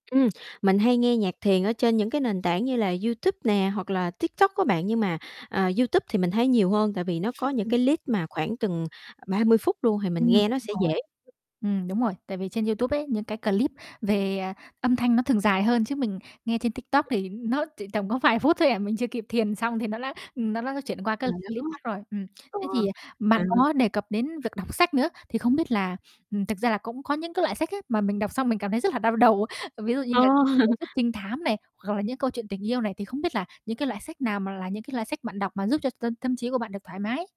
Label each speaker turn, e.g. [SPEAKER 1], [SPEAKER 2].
[SPEAKER 1] Ừm, mình hay nghe nhạc thiền ở trên những cái nền tảng như là YouTube nè, hoặc là TikTok á bạn, nhưng mà, à, YouTube thì mình thấy nhiều hơn tại vì nó có những cái list mà khoảng chừng 30 phút luôn thì mình
[SPEAKER 2] Ừm, đúng
[SPEAKER 1] nghe nó sẽ
[SPEAKER 2] rồi.
[SPEAKER 1] dễ.
[SPEAKER 2] Ừm, đúng rồi, tại vì trên YouTube ấy những cái clip về, à, âm thanh nó thường dài hơn, chứ mình nghe trên TikTok thì nó chỉ tầm có vài phút thôi à, mình chưa kịp thiền xong thì nó đã ừm, nó đã chuyển qua cái clip khác
[SPEAKER 1] [unintelligible]
[SPEAKER 2] rồi. Ừm.
[SPEAKER 1] Ồ,
[SPEAKER 2] Thế thì,
[SPEAKER 1] ờ.
[SPEAKER 2] à, bạn
[SPEAKER 1] [unintelligible]
[SPEAKER 2] có đề cập đến việc đọc sách nữa thì không biết là, ừm, thực ra là cũng có những cái loại sách á mà mình đọc xong mình cảm thấy rất là đau đầu, ví dụ như
[SPEAKER 1] Ờ.
[SPEAKER 2] là tiểu thuyết trinh thám này, hoặc là những câu chuyện tình yêu này. Thì không biết là những cái loại sách nào mà là những cái loại sách bạn đọc mà giúp cho tâm tâm trí của bạn được thoải mái?